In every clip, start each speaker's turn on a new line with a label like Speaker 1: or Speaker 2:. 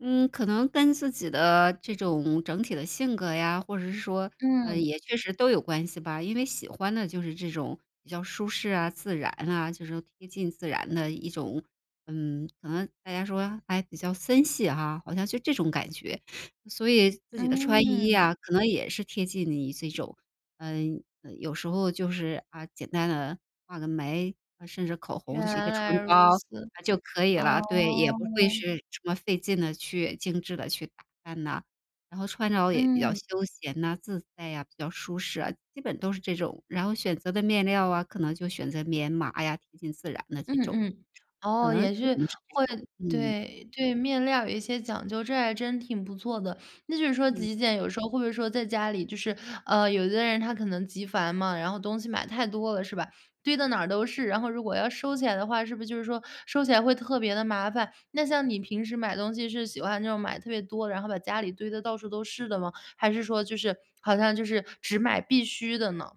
Speaker 1: 嗯，可能跟自己的这种整体的性格呀，或者是说呃，
Speaker 2: 嗯。
Speaker 1: 也确实都有关系吧。因为喜欢的就是这种比较舒适啊、自然啊就是说贴近自然的一种嗯，可能大家说还比较森系哈好像就这种感觉。所以自己的穿衣
Speaker 2: 嗯。
Speaker 1: 呀，可能也是贴近你这种嗯，呃，有时候就是，啊，简单地画个眉，甚至口
Speaker 2: 原
Speaker 1: 红是一个唇
Speaker 2: 来如
Speaker 1: 膏，
Speaker 2: 此，
Speaker 1: 嗯，就可以了。对，也不会
Speaker 2: 哦。
Speaker 1: 是什么费劲地去精致地去打扮呐。然后穿着也比较
Speaker 2: 嗯。
Speaker 1: 休闲呐、自在啊，比较舒适啊，基本都是这种。然后选择的面料啊，可能就选择棉麻呀，贴近自然的
Speaker 2: 嗯
Speaker 1: 这种。
Speaker 2: 嗯，
Speaker 1: 可
Speaker 2: 哦，
Speaker 1: 能
Speaker 2: 也
Speaker 1: 基
Speaker 2: 是
Speaker 1: 本是这
Speaker 2: 会
Speaker 1: 种，嗯。
Speaker 2: 对，对面料有一些讲究，这还真挺不错的。那就是说
Speaker 1: 嗯。
Speaker 2: 极简有时候会不会说在家里，就是，呃，有的人他可能极繁嘛，然后东西买太多了，是吧？堆得哪儿都是，然后如果要收起来的话，是不是就是说收起来会特别地麻烦？那像你平时买东西是喜欢那种买特别多，然后把家里堆得到处都是的吗？还是说就是好像就是只买必需的呢？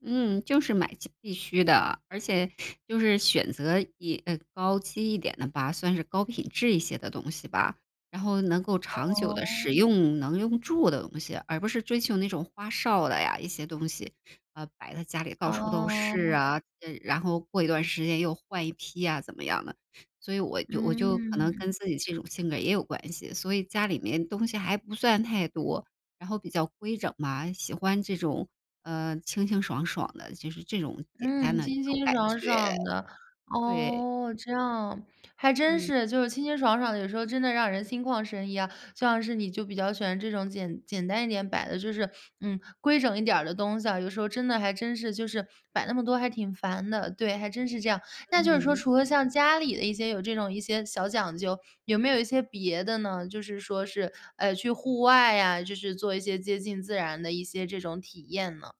Speaker 1: 嗯，就是买些必须的。而且就是选择以呃，高级一点的吧，算是高品质一些的东西吧。然后能够长久地使
Speaker 2: 哦。
Speaker 1: 用，能用住的东西，而不是追求那种花哨的呀，一些东西。呃，摆在家里到处都是
Speaker 2: 哦。
Speaker 1: 啊。这然后过一段儿时间又换一批啊，怎么样的。所以我就我就可能
Speaker 2: 嗯。
Speaker 1: 跟自己这种性格也有关系，所以家里面东西还不算太多，然后比较规整嘛，喜欢这种，呃，清清爽爽的就是这种简单
Speaker 2: 嗯，
Speaker 1: 的这
Speaker 2: 清
Speaker 1: 种
Speaker 2: 清
Speaker 1: 感
Speaker 2: 爽
Speaker 1: 觉。
Speaker 2: 爽的。
Speaker 1: 对。
Speaker 2: 哦，这样，还真
Speaker 1: 嗯。
Speaker 2: 是就是清清爽爽有时候真的让人心旷神怡啊。像是你就比较喜欢这种简简单一点摆的就是嗯，规整一点儿的东西啊，有时候真的还真是就是摆那么多还挺烦的。对，还真是这样。那就是说
Speaker 1: 嗯。
Speaker 2: 除了像家里的一些有这种一些小讲究，有没有一些别的呢？就是说是，呃，去户外啊，就是做一些接近自然的一些这种体验呢？